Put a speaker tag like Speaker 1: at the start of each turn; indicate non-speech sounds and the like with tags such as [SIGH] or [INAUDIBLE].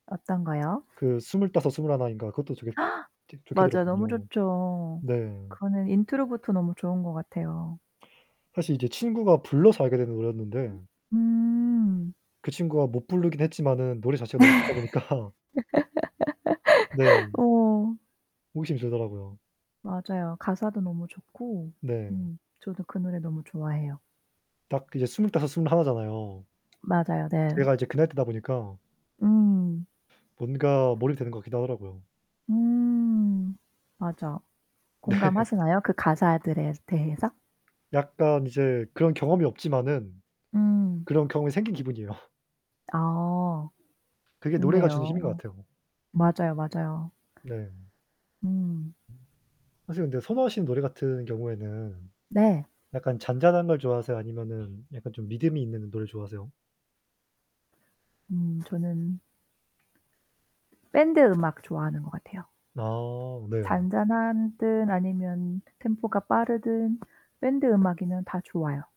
Speaker 1: 어떤거요?
Speaker 2: 그 스물다섯 스물하나인가 그것도 되게
Speaker 1: [GASPS]
Speaker 2: 되게 좋게
Speaker 1: 맞아요, 너무
Speaker 2: 들었거든요.
Speaker 1: 좋죠.
Speaker 2: 네.
Speaker 1: 그거는 인트로부터 너무 좋은 것 같아요.
Speaker 2: 사실 이제 친구가 불러서 알게 되는 노래였는데
Speaker 1: 음.
Speaker 2: 그 친구가 못 부르긴 했지만은 노래 자체가 너무 좋다 보니까 네.
Speaker 1: [LAUGHS] 어.
Speaker 2: 호기심이 들더라고요.
Speaker 1: 맞아요. 가사도 너무 좋고
Speaker 2: 네.
Speaker 1: 음 저도 그 노래 너무 좋아해요.
Speaker 2: 딱 이제 스물다섯 스물하나잖아요.
Speaker 1: 맞아요. 네.
Speaker 2: 제가 이제 그 나이 때다 보니까
Speaker 1: 음.
Speaker 2: 뭔가 몰입이 되는 것 같기도 하더라고요.
Speaker 1: 음 맞아.
Speaker 2: 네.
Speaker 1: 공감하시나요? 그 가사들에 대해서?
Speaker 2: 약간 이제 그런 경험이 없지만은
Speaker 1: 음.
Speaker 2: 그런 경험이 생긴 기분이에요.
Speaker 1: 아.
Speaker 2: 그게 노래가 주는
Speaker 1: 좋네요.
Speaker 2: 힘인 것 같아요.
Speaker 1: 맞아요, 맞아요.
Speaker 2: 네.
Speaker 1: 음.
Speaker 2: 사실 근데 선호하시는 노래 같은 경우에는
Speaker 1: 네.
Speaker 2: 약간 잔잔한 걸 좋아하세요? 아니면은 약간 좀 믿음이 있는 노래를 좋아하세요?
Speaker 1: 음 저는 ...밴드 음악 좋아하는 것 같아요.
Speaker 2: 아 네.
Speaker 1: 잔잔한든 아니면 템포가 빠르든 밴드 음악이면 다 좋아요.